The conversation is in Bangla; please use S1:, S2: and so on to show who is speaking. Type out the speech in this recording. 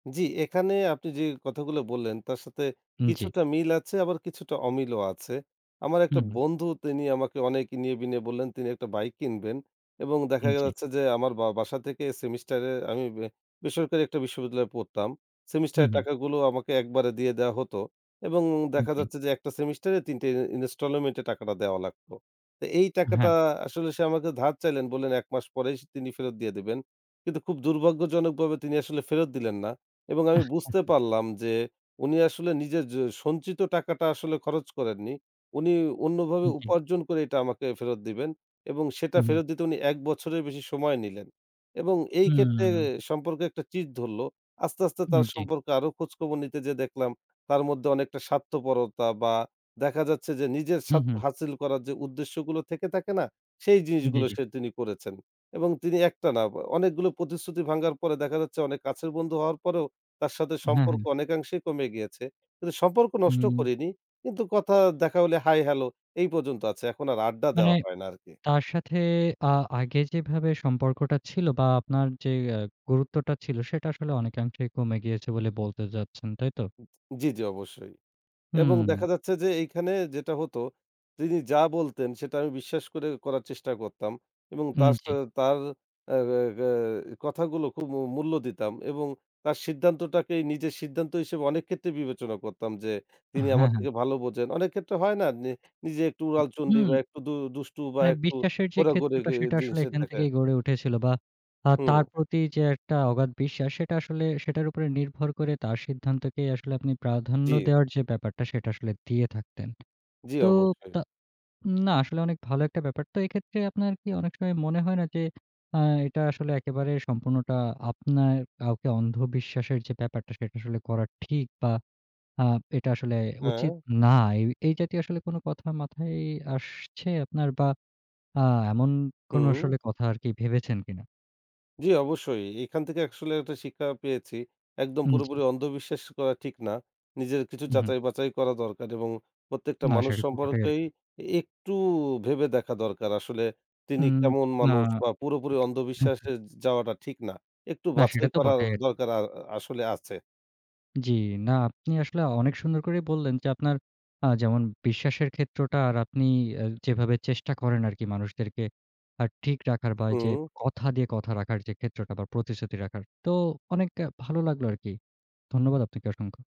S1: জি, এখানে আপনি যেই কথাগুলো বললেন তার সাথে
S2: উ জ্বি।
S1: কিছুটা মিল আছে, আবার কিছুটা অমিলও আছে। আমার একটা
S2: হুম, হুম।
S1: বন্ধু তিনি আমাকে অনেক ইনিয়ে-বিনিয়ে বললেন তিনি একটা বাইক কিনবেন। এবং দেখা
S2: উম জি।
S1: গেছে যে আমার বা বাসা থেকে সেমিস্টারে আমি বেসরকারি একটা বিশ্ববিদ্যালয়ে পড়তাম।
S2: হুম,
S1: সেমিস্টারের
S2: হুম।
S1: টাকাগুলো আমাকে একবারে দিয়ে দেওয়া হতো এবং
S2: উ
S1: দেখা
S2: জি।
S1: যাচ্ছে যে একটা সেমিস্টারে ৩ টে ইন ইনস্টলোমেন্টে টাকাটা দেওয়া লাগতো। তো এই
S2: আ
S1: টাকাটা
S2: হ্যাঁ।
S1: আসলে সে আমাকে ধার চাইলেন বললেন, ১ মাস পরেই স তিনি ফেরত দিয়ে দেবেন। কিন্তু খুব দুর্ভাগ্যজনকভাবে তিনি আসলে ফেরত দিলেন না। এবং আমি বুঝতে পারলাম যে উনি আসলে নিজের যে সঞ্চিত টাকাটা আসলে খরচ করেননি। উনি অন্যভাবে
S2: হুম, জি।
S1: উপার্জন করে এটা আমাকে ফেরত দিবেন এবং সেটা
S2: হুম, হুম।
S1: ফেরত দিতে উনি ১ বছরের বেশি সময় নিলেন। এবং এই ক্ষেত্রে
S2: হুম।
S1: সম্পর্কে একটা চিড় ধরলো। আস্তে, আস্তে
S2: হুম,
S1: তার
S2: জি।
S1: সম্পর্কে আরো খোঁজখবর নিতে যেয়ে দেখলাম তার মধ্যে অনেকটা স্বার্থপরতা বা দেখা যাচ্ছে যে, নিজের
S2: হুম,
S1: স্বার্থ
S2: হুম।
S1: হাসিল করার যে উদ্দেশ্যগুলো থেকে থাকে না, সেই
S2: জি,
S1: জিনিসগুলোই
S2: জি।
S1: সে তিনি করেছেন। এবং তিনি একটা না অ অনেকগুলো প্রতিশ্রুতি ভাঙ্গার পরে দেখা যাচ্ছে অনেক কাছের বন্ধু হওয়ার পরেও, তার সাথে
S2: হ্যাঁ,
S1: সম্পর্ক
S2: হ্যাঁ।
S1: অনেকাংশেই কমে গিয়েছে। কিন্তু সম্পর্ক নষ্ট
S2: হুম।
S1: করিনি। কিন্তু কথা, দেখা হলে হাই হ্যালো এই পর্যন্ত আছে। এখন আর আড্ডা
S2: মানে
S1: দেওয়া হয় না আরকি।
S2: তার সাথে আ আগে যেভাবে সম্পর্কটা ছিল বা আপনার যে এ গুরুত্বটা ছিল সেটা আসলে অনেকাংশেই কমে গিয়েছে বলে বলতে যাচ্ছেন, তাই তো?
S1: [unintelligible] জি, জি। অবশ্যই। এবং
S2: হুম।
S1: দেখা যাচ্ছে যে, এইখানে যেটা হতো তিনি যা বলতেন সেটা আমি বিশ্বাস করে করার চেষ্টা করতাম। এবং
S2: উম
S1: তার
S2: জি।
S1: সাথে তার আগা গায় কথাগুলো খুব মূ মূল্য দিতাম এবং তার সিদ্ধান্তটাকেই নিজের সিদ্ধান্ত হিসেবে অনেক ক্ষেত্রে বিবেচনা করতাম যে
S2: আহ
S1: তিনি আমার
S2: হ্যাঁ, হ্যাঁ।
S1: থেকে ভালো বোঝেন। অনেক ক্ষেত্রে হয় না নি নিজে একটু
S2: উ
S1: উড়াল চণ্ডী
S2: হুম।
S1: বা একটু দু দুষ্টু বা
S2: হ্যাঁ
S1: একটু
S2: বিশ্বাসের যে
S1: ঘোরাঘুরি
S2: ক্ষেত্রটা
S1: গে
S2: সেটা আসলে
S1: জিনিসের
S2: এখান
S1: থাকা।
S2: থেকেই গড়ে উঠেছিল বা আ
S1: হুম।
S2: তার প্রতি যে একটা অগাধ বিশ্বাস সেটা আসলে সেটার উপরে নির্ভর করে। তার সিদ্ধান্তকেই আসলে আপনি প্রাধান্য
S1: জি।
S2: দেওয়ার যে ব্যাপারটা সেটা আসলে দিয়ে থাকতেন।
S1: জ্বি,
S2: তো
S1: অবশ্যই।
S2: তা না আসলে অনেক ভালো একটা ব্যাপার। তো এক্ষেত্রে আপনার কি অনেক সময় মনে হয় না যে আ এটা আসলে একেবারে সম্পূর্ণটা আপনার, কাউকে অন্ধ বিশ্বাসের যে ব্যাপারটা সেটা আসলে করা ঠিক বা আ এটা আসলে উচিত
S1: হ্যাঁ।
S2: না। এ এই জাতীয় আসলে কোনো কথা মাথায় আসছে আপনার বা আ এমন কোনো
S1: হুম।
S2: আসলে কথা আরকি ভেবেছেন কিনা?
S1: জ্বি অবশ্যই। এখান থেকে আসলে একটা শিক্ষা পেয়েছি। একদম
S2: উম জি।
S1: পুরোপুরি অন্ধবিশ্বাস করা ঠিক না। নিজের কিছু
S2: উ হুম।
S1: যাচাই-বাচাই করা দরকার এবং প্রত্যেকটা
S2: না
S1: মানুষ
S2: সেটাতো ঘটেই
S1: সম্পর্কেই
S2: আরকি।
S1: একটু ভেবে দেখা দরকার আসলে তিনি
S2: উম
S1: কেমন
S2: না।
S1: মানুষ বা পুরোপুরি
S2: হু, হুম।
S1: অন্ধবিশ্বাসে যা যাওয়াটা ঠিক না। একটু
S2: না সেটা
S1: বাছাই
S2: তো
S1: করার
S2: বটেই।
S1: দরকার আ আ আসলে আছে।
S2: জি, না আপনি আসলে অনেক সুন্দর করেই বললেন যে, আপনার আ যেমন বিশ্বাসের ক্ষেত্রটা আর আপনি যেভাবে চেষ্টা করেন আরকি মানুষদেরকে আ ঠিক রাখার বা যে
S1: হুম।
S2: কথা দিয়ে কথা রাখার যে ক্ষেত্রটা বা প্রতিশ্রুতি রাখার। তো অনেকটা ভালো লাগলো আরকি। ধন্যবাদ আপনাকে অসংখ্য।